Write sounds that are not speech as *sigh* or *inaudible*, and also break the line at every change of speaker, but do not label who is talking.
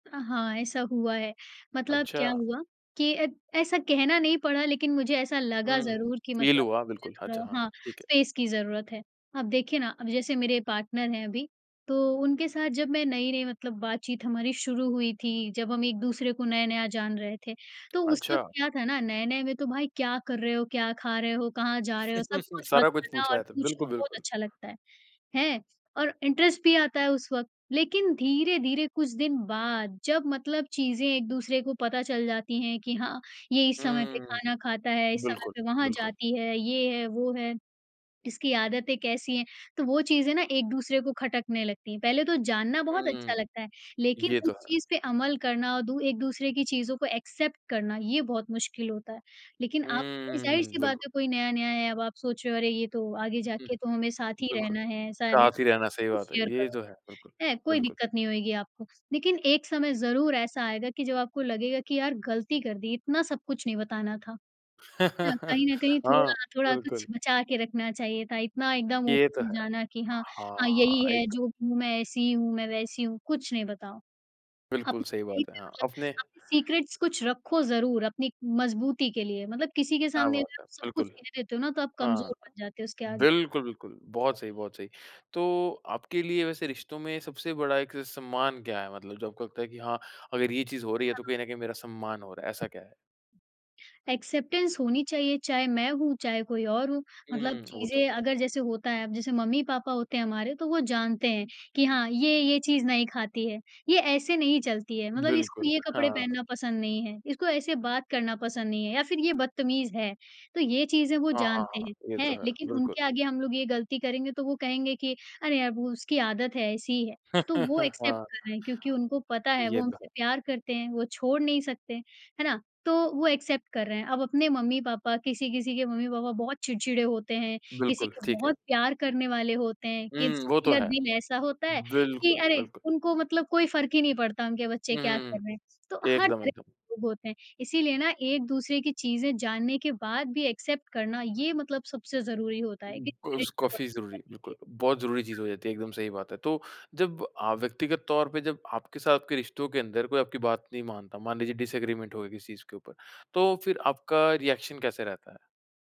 अ, हाँ, ऐसा हुआ है, मतलब क्या
अच्छा।
हुआ कि अ, ऐसा कहना नहीं पड़ा लेकिन मुझे ऐसा लगा
हुँ,
ज़रूर कि
फ़ील
मतलब
हुआ,
मुझे
बिल्कुल, अच्छा
थोड़ा
हाँ,
हाँ,
ठीक है।
स्पेस की ज़रूरत है। अब देखिए ना, अब जैसे मेरे पार्टनर हैं अभी तो उनके साथ जब मैं नई-नई मतलब बातचीत हमारी शुरू हुई थी, जब हम एक-दूसरे को नया-नया जान रहे थे, तो उस वक़्त
अच्छा।
क्या था ना नए-नए में तो भाई क्या कर रहे हो क्या खा रहे हो कहाँ जा रहे हो सब
*chuckles*
कुछ
सारा कुछ
बताना
पूछा
और
है तो
पूछना
बिल्कुल,
बहुत
बिल्कुल।
अच्छा लगता है, हैं। और इंटरेस्ट भी आता है उस वक़्त, लेकिन धीरे-धीरे कुछ दिन बाद जब मतलब चीज़ें एक दूसरे को पता चल जाती है कि हाँ, ये इस समय पे
हुँ,
खाना खाता है, इस समय
बिल्कुल,
पे वहाँ
बिल्कुल।
जाती है, ये है वो है, इसकी आदतें कैसी हैं तो वो चीज़ें ना एक-दूसरे को खटकने लगती हैं। पहले तो जानना बहुत अच्छा
हुँ,
लगता है, लेकिन
ये
उस
तो है।
चीज़ पे अमल करना और दू एक-दूसरे की चीज़ों को एक्सेप्ट करना ये बहुत मुश्किल होता है। लेकिन आप
हम्म,
ज़ाहिर-सी बात
बिल्कु
है कोई नया नया है अब आप सोच रहे हो अरे ये तो आगे
हुँ,
जाके तो हमें साथ ही
बिल्कुल,
रहना है। ऐसा *unintelligible*
साथ ही रहना
सब
सही
कुछ
बात है।
शेयर
ये तो
करोगे
है, बिल्कुल,
है कोई
बिल्कुल।
दिक्कत नहीं होगी आपको। लेकिन एक समय ज़रूर ऐसा आएगा कि जब आपको लगेगा कि यार गलती कर दी इतना सब कुछ नहीं बताना था। न कहीं
*laughs*
न कहीं
हाँ,
थोड़ा थोड़ा कुछ
बिल्कुल।
बचा के रखना चाहिए था इतना एकदम
ये तो
ओपन हो
है,
जाना कि हाँ, हाँ
हाँ,
यही है
एक
जो भी हूँ मैं ऐसी हूँ मैं वैसी हूँ, कुछ नहीं बताओ।
बिल्कुल
अपनी
सही
लाइफ
बात है,
मैं
हाँ,
मतलब
अपने
अपने सीक्रेट्स कुछ रखो ज़रूर अपनी मजबूती के लिए, मतलब किसी के
क्या
सामने
बात
अगर
है!
आप सब कुछ
बिल्कुल,
कह देते हो ना तो आप
हाँ,
कमज़ोर बन जाते हो उसके आगे।
बिल्कुल, बिल्कुल, बहुत सही, बहुत सही। तो आपके लिए वैसे रिश्तों में सबसे बड़ा एक सम्मान क्या है? मतलब जो आपको लगता है कि हाँ, अगर ये चीज़ हो रही है तो
हाँ।
कहीं न कहीं मेरा सम्मान हो रहा है, ऐसा क्या है?
एक्सेप्टेंस होनी चाहिए, चाहें मैं हूँ, चाहें कोई और हो। मतलब
हुँ, वो तो
चीज़ें
है।
अगर जैसे होता है, अब जैसे मम्मी-पापा होते हैं हमारे तो वो जानते हैं कि हाँ, ये ये चीज़ नहीं खाती है। ये ऐसे नहीं चलती है मतलब इसको
बिल्कुल,
ये कपड़े
हाँ।
पहनना पसंद नहीं है, इसको ऐसे बात करना पसंद नहीं है या फिर ये बदतमीज़ है। तो ये चीज़ें वो
हाँ, हाँ,
जानते
हाँ,
हैं,
ये तो
हैं
है,
लेकिन
बिल्कुल।
उनके आगे हम लोग ये गलती करेंगे तो वो कहेंगे कि अरे यार वो उसकी आदत है ऐसी ही है। तो वो
*laughs*
एक्सेप्ट
हाँ,
कर रहे हैं क्योंकि उनको पता है वो
ये तो
हमसे
है।
प्यार करते हैं, वो छोड़ नहीं सकते, है ना? तो वो एक्सेप्ट कर रहे हैं। अब अपने मम्मी-पापा किसी-किसी के मम्मी-पापा बहुत चिड़चिड़े होते हैं, किसी
बिल्कुल,
के
ठीक है।
बहुत प्यार करने वाले होते हैं।
हुँ, वो
किसी-किसी
तो
का
है,
दिल ऐसा होता है कि
बिल्कुल,
अरे!
बिल्कुल।
उनको मतलब कोई फ़र्क ही नहीं पड़ता उनके बच्चे
हुँ,
क्या
हुँ,
कर
हुँ,
रहे हैं, तो हर
एकदम,
तरह
एकदम।
के लोग होते हैं। इसीलिए ना एक-दूसरे की चीज़ें जानने के बाद भी एक्सेप्ट करना ये मतलब सबसे ज़रूरी होता है।
उस काफी ज़रूरी बिल्कुल,
*unintelligible*
बहुत ज़रूरी चीज़
हाँ।
हो जाती है एकदम सही बात है। तो जब अ, व्यक्तिगत तौर पे जब आपके साथ के रिश्तों के अंदर कोई आपकी बात नहीं मानता, मान लीजिए डिसएग्रीमेंट हो गया किसी चीज़ के ऊपर, तो फिर आपका रिएक्शन कैसे रहता है?